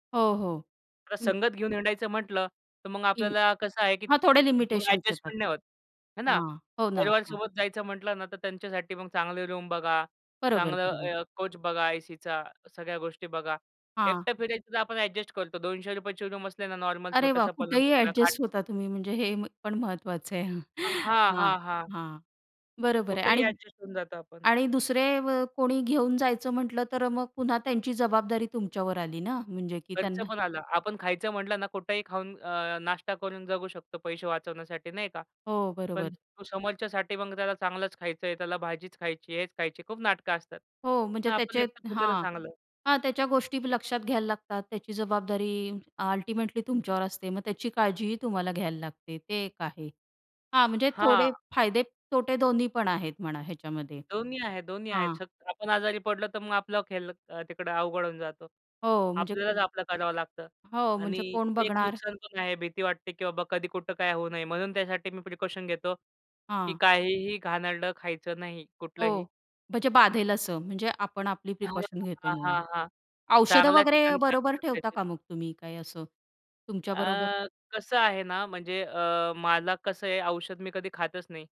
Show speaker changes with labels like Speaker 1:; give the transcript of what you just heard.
Speaker 1: हो, हो.
Speaker 2: आता
Speaker 1: हं.
Speaker 2: संगत घेऊन हिंडायचं म्हटलं, तर मग
Speaker 1: की
Speaker 2: आपल्याला कसं आहे की
Speaker 1: हां, थोडे
Speaker 2: मग
Speaker 1: लिमिटेशन्स येतात.
Speaker 2: एडजस्टमेंट नाही होत, आहे ना.
Speaker 1: हां. हो ना,
Speaker 2: परिवार
Speaker 1: हां.
Speaker 2: सोबत जायचं म्हटलं ना, तर त्यांच्यासाठी मग चांगली रूम बघा,
Speaker 1: बरोबर,
Speaker 2: चांगलं
Speaker 1: बरोबर.
Speaker 2: अ, कोच बघा, एसीच्या सगळ्या गोष्टी बघा.
Speaker 1: हां.
Speaker 2: एकटं फिरायचं, तर आपण एडजस्ट करतो. ₹200ची रूम असली ना, नॉर्मल
Speaker 1: अरे वाह!
Speaker 2: छोटासा पलंग,
Speaker 1: कुठेही
Speaker 2: कुठला खाट
Speaker 1: ॲडजस्ट होता तुम्ही, म्हणजे हे पण महत्त्वाचं आहे. हां,
Speaker 2: हां,
Speaker 1: हां.
Speaker 2: हां. हां.
Speaker 1: हां. बरोबर आहे,
Speaker 2: कुठेही
Speaker 1: आणि
Speaker 2: ॲडजस्ट होऊन जातो आपण.
Speaker 1: आणि दुसरे अ, कोणी घेऊन जायचं म्हटलं, तर मग पुन्हा त्यांची जबाबदारी तुमच्यावर आली ना. म्हणजे की
Speaker 2: खर्च
Speaker 1: त्यांना
Speaker 2: पण आला. आपण खायचं म्हटलं ना, कुठेही खाऊन अ, नाश्ता करून जगू शकतो, पैसे वाचवण्यासाठी, नाही का?
Speaker 1: हो,
Speaker 2: पण
Speaker 1: बरोबर.
Speaker 2: समोरच्यासाठी मग त्याला चांगलंच खायचंय, त्याला भाजीच खायची, हेच खायची, खूप नाटकं असतात.
Speaker 1: हो. म्हणजे
Speaker 2: आपण
Speaker 1: त्याचे
Speaker 2: एकटं फिरलेलं
Speaker 1: हां,
Speaker 2: चांगलं.
Speaker 1: हां. त्याच्या गोष्टी लक्षात घ्यायला लागतात. त्याची जबाबदारी अल्टिमेटली तुमच्यावर असते. मग त्याची काळजीही तुम्हाला घ्यायला लागते. ते एक आहे. हां, म्हणजे थोडे
Speaker 2: हां.
Speaker 1: फायदे-तोटे दोन्ही पण आहेत म्हणा ह्याच्यामध्ये,
Speaker 2: दोन्ही आहे. दोन्ही आहे.
Speaker 1: हां.
Speaker 2: जर आपण आजारी [unintelligible] पडलो, तर मग आपलं तिकडं अवघड होऊन जातं.
Speaker 1: हो, म्हणजे
Speaker 2: आपल्यालाच
Speaker 1: खूप
Speaker 2: आपलं करावं लागतं.
Speaker 1: हो, म्हणजे
Speaker 2: आणि
Speaker 1: कोण
Speaker 2: ते एक
Speaker 1: बघणार?
Speaker 2: नुकसान पण आहे. भीती वाटते, "की बाबा कधी कुठं काय होऊ नये," म्हणून त्यासाठी मी प्रिकॉशन घेतो, की
Speaker 1: हां.
Speaker 2: काहीही घाणेरडं खायचं नाही
Speaker 1: हो.
Speaker 2: कुठलंही.
Speaker 1: म्हणजे बाधेल असं. म्हणजे आपण आपली
Speaker 2: हां,
Speaker 1: प्रिकॉशन घेतो
Speaker 2: हां. हां,
Speaker 1: म्हणून.
Speaker 2: हां.
Speaker 1: औषधं
Speaker 2: चांगल्या
Speaker 1: वगैरे
Speaker 2: ठिकाणी [unintelligible]
Speaker 1: बरोबर ठेवता
Speaker 2: बसायचं.
Speaker 1: का मग तुम्ही, काय असं तुमच्या बरोबर?
Speaker 2: अ, कसं आहे ना, म्हणजे अ, मला कसं आहे औषध मी कधी खातच नाही.